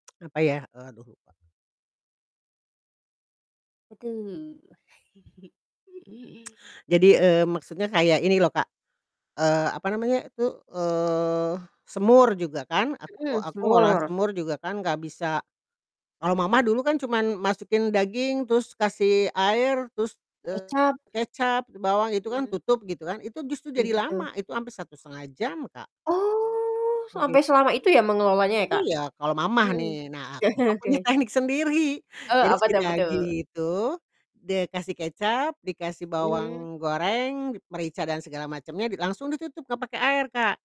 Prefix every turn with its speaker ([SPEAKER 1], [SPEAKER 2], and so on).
[SPEAKER 1] Apa ya? Eee, aduh, lupa.
[SPEAKER 2] Betul.
[SPEAKER 1] Jadi, eee, maksudnya kayak ini loh, Kak, eee, apa namanya itu, eee, semur juga kan, aku
[SPEAKER 2] Mhm,
[SPEAKER 1] aku ngolah
[SPEAKER 2] semur.
[SPEAKER 1] semur juga kan nggak bisa. Kalau mama dulu kan cuman masukin daging terus kasih air terus, eee,
[SPEAKER 2] Kecap.
[SPEAKER 1] kecap, bawang, itu kan
[SPEAKER 2] Mhm.
[SPEAKER 1] tutup gitu kan, itu justru
[SPEAKER 2] Hmm,
[SPEAKER 1] jadi
[SPEAKER 2] betul.
[SPEAKER 1] lama, itu hampir 1,5 jam, Kak.
[SPEAKER 2] Oh,
[SPEAKER 1] Oh,
[SPEAKER 2] sampai
[SPEAKER 1] gitu.
[SPEAKER 2] selama itu ya mengelolanya ya, Kak?
[SPEAKER 1] Iya, kalau mama
[SPEAKER 2] Mhm.
[SPEAKER 1] nih, nah aku mah punya
[SPEAKER 2] Oke.
[SPEAKER 1] teknik sendiri.
[SPEAKER 2] Eee,
[SPEAKER 1] Jadi
[SPEAKER 2] apa
[SPEAKER 1] si
[SPEAKER 2] tuh apa
[SPEAKER 1] daging
[SPEAKER 2] tuh?
[SPEAKER 1] itu de kasih kecap, dikasih bawang
[SPEAKER 2] Mmm.
[SPEAKER 1] goreng, merica dan segala macemnya dit langsung ditutup, nggak pake air, Kak.